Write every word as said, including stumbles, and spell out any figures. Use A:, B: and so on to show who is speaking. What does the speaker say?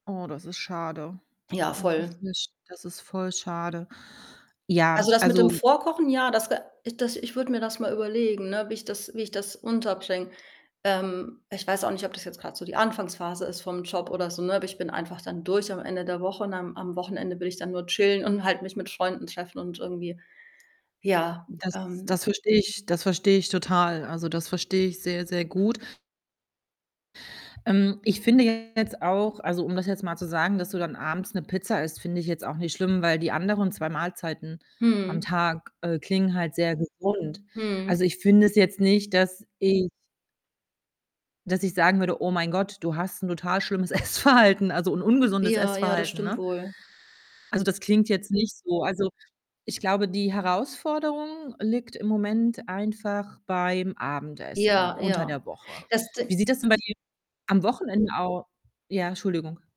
A: Oh, das ist schade.
B: Ja,
A: Das ist
B: voll.
A: nicht das ist voll schade.
B: Also,
A: Ja,
B: das mit dem
A: also
B: Vorkochen, ja, das ge das ich würde mir das mal überlegen, ne, wie ich das wie ich das unterbringe. Ähm, ich weiß auch nicht, ob das jetzt grad so die Anfangsphase ist vom Job oder so, ne? Aber ich bin einfach dann durch am Ende der Woche und am am Wochenende will ich dann nur chillen und halt mich mit Freunden treffen und irgendwie, ja,
A: Das
B: ähm
A: das verstehe ich das verstehe ich total. Also, das verstehe ich sehr, sehr gut. Ähm, ich finde jetzt auch also, um das jetzt mal zu sagen, dass du dann abends 'ne Pizza isst, finde ich jetzt auch nicht schlimm, weil die anderen zwei Mahlzeiten am
B: Mhm.
A: Tag, äh, klingen halt sehr gesund. Also,
B: Mhm.
A: ich finde es jetzt nicht, dass ich dass ich sagen würde: „Oh mein Gott, du hast 'n total schlimmes Essverhalten, also, un ungesundes
B: Ja, ja, das
A: Essverhalten,
B: stimmt
A: ne?“
B: wohl.
A: Also, das klingt jetzt nicht so. Also, ich glaube, die Herausforderung liegt im Moment einfach beim Abendessen
B: Ja,
A: unter der
B: ja.
A: Woche.
B: Das Di
A: Wie sieht das denn bei dir am Wochenende au ja, Entschuldigung.